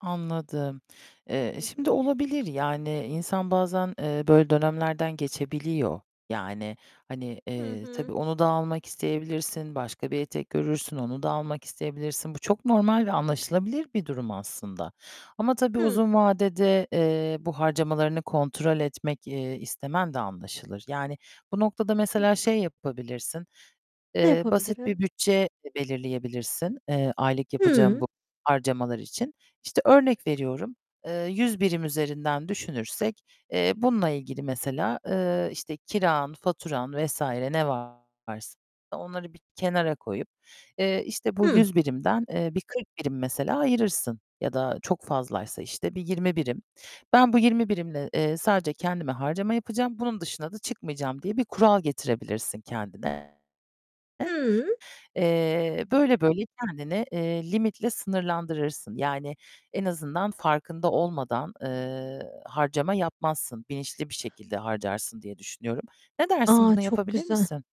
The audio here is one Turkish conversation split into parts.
Anladım. Eee, Hı hı. şimdi olabilir yani insan bazen, eee, böyle dönemlerden geçebiliyor, yani, hani, Hı eee, hı. tabii onu da almak isteyebilirsin, başka bir etek görürsün, onu da almak isteyebilirsin. Bu çok normal ve anlaşılabilir bir durum aslında ama tabii Hıı. uzun vadede, eee, bu harcamalarını kontrol etmek, eee, istemen de anlaşılır, yani bu noktada Hı. mesela şey yapabilirsin, Ne eee, basit yapabilirim? bir bütçe de belirleyebilirsin, eee, aylık yapacağın Hıı. bu harcamalar için. İşte, örnek veriyorum, eee, 100 birim üzerinden düşünürsek, eee, bununla ilgili mesela, eee, işte, kiran, faturan vs. ne varsa onları bir kenara koyup, eee, işte, bu Hıh. 100 birimden, eee, bir 40 birim mesela ayırırsın ya da çok fazlaysa, işte, bir 20 birim. Ben bu 20 birimle, eee, sadece kendime harcama yapacağım. Bunun dışına da çıkmayacağım diye bir kural getirebilirsin kendine. Hıı. Eee, böyle böyle kendini, eee, limitle sınırlandırırsın, yani en azından farkında olmadan, eee, harcama yapmazsın. Bilinçli bir şekilde harcarsın diye düşünüyorum. Ne dersin? A, Bunu çok yapabilir güzel. misin?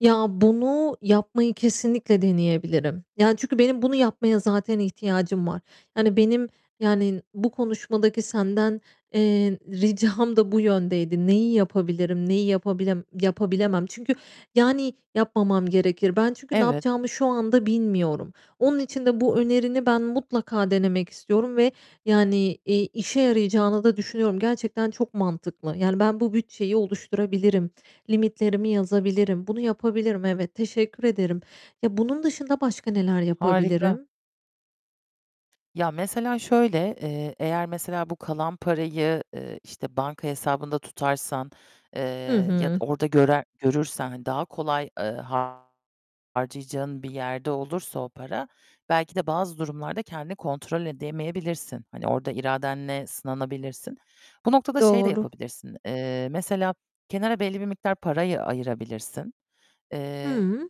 Ya, bunu yapmayı kesinlikle deneyebilirim. Ya, çünkü benim bunu yapmaya zaten ihtiyacım var. Yani benim, yani, bu konuşmadaki senden, eee, ricam da bu yöndeydi. Neyi yapabilirim? Neyi yapabilem yapabilemem? Çünkü yani yapmamam gerekir. Ben çünkü ne Evet. yapacağımı şu anda bilmiyorum. Onun için de bu önerini ben mutlaka denemek istiyorum ve yani, eee, işe yarayacağını da düşünüyorum. Gerçekten çok mantıklı. Yani ben bu bütçeyi oluşturabilirim. Limitlerimi yazabilirim. Bunu yapabilirim evet, teşekkür ederim. Ya, bunun dışında başka neler Harika. yapabilirim? Ya, mesela şöyle, eee, eğer mesela bu kalan parayı, eee, işte, banka hesabında tutarsan, eee, Hı ya da hı. orada görer görürsen, hani, daha kolay, eee, harcayacağın bir yerde olursa o para, belki de bazı durumlarda kendini kontrol edemeyebilirsin. Hani orada iradenle sınanabilirsin. Bu noktada şey de Doğru. yapabilirsin, eee, mesela kenara belli bir miktar parayı ayırabilirsin. Eee Hıı.